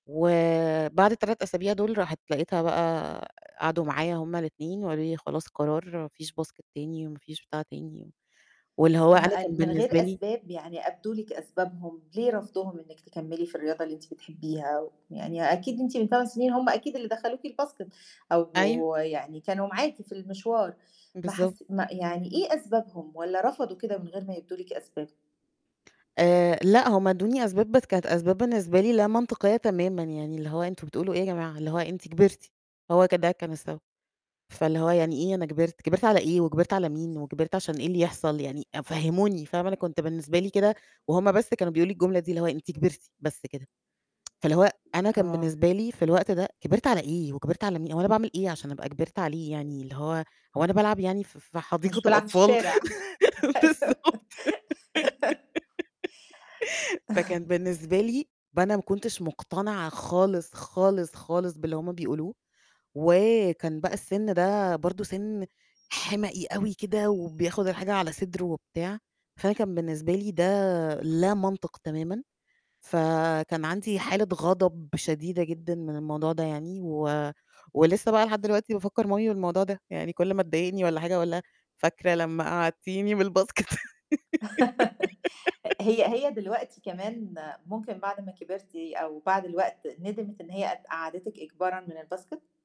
وبعد ال3 أسابيع دُول، راحت لقيتها بقى، قعدوا معايا هُم ال2 وقالوا لي: "خلاص قرار، ما فيش Basket تاني، وما فيش بتاع تاني." واللي هو ما أنا كان قال من بالنسبة غير لي أسباب، يعني أبدوا لِك أسبابهم، ليه رفضُهم إنِّك تكمّلي في الرياضة اللي أنتِ بتحبّيها؟ ويعني أكيد أنتِ من 8 سنين هُم أكيد اللي دخلوكِ الBasket أيوه. أو يعني كانوا معاكِ في المشوار، ما بالضبط. حس ما يعني إيه أسبابهم، والّا رفضوا كده من غير ما يبدوا لِك أسباب؟ آآ لأ، هُم ادّوني أسباب، بس كانت أسباب بالنسبة لي لا منطقية تمامًا، يعني اللي هو "أنتم بتقولوا إيه يا جماعة؟" اللي هو "أنتِ كبرتِ." هو ك ده كان السبب. فاللي هو "يعني إيه أنا كبرت؟ كبرت على إيه، وكبرت على مين، وكبرت عشان إيه اللي يحصل يعني؟ أ فهموني." فاهمة؟ أنا كنت بالنسبة لي كده وهُم بس كانوا بيقولوا لي الجملة دي، اللي هو: "أنتِ كبرتِ." بس كده. فاللي هو أنا كان آه. بالنسبة لي في الوقت ده كبرت على إيه، وكبرت على مين، هو أنا باعمل إيه عشان أبقى كبرت عليه؟ يعني اللي هو هو أنا بالعب يعني ف في حديقة مش بالعب في الأطفال. الشارع. أيوه. بالضبط، فكان بالنسبة لي ب أنا ما كنتش مقتنعة خالص، خالص، خالص باللي هُم بيقولوه، وكان بقى السِن ده برضه سِن حِمَقي أوي كده، وبياخد الحاجة على صدره وبتاع، فأنا كان بالنسبة لي ده لا منطق تمامًا، فكان عندي حالة غضب شديدة جدًا من الموضوع ده يعني، و ولسه بقى لحد دلوقتي بافكّر مامي بالموضوع ده، يعني كل ما تضايقني والّا حاجة، أقول لها: "فاكرة لمّا قَعّدتيني من الBasket؟" هي هي دلوقتي كمان، ممكن بعد ما كبرتِ أو بعد الوقت ندمِت إن هي قد قعّدِتِك إجبارًا من الBasket؟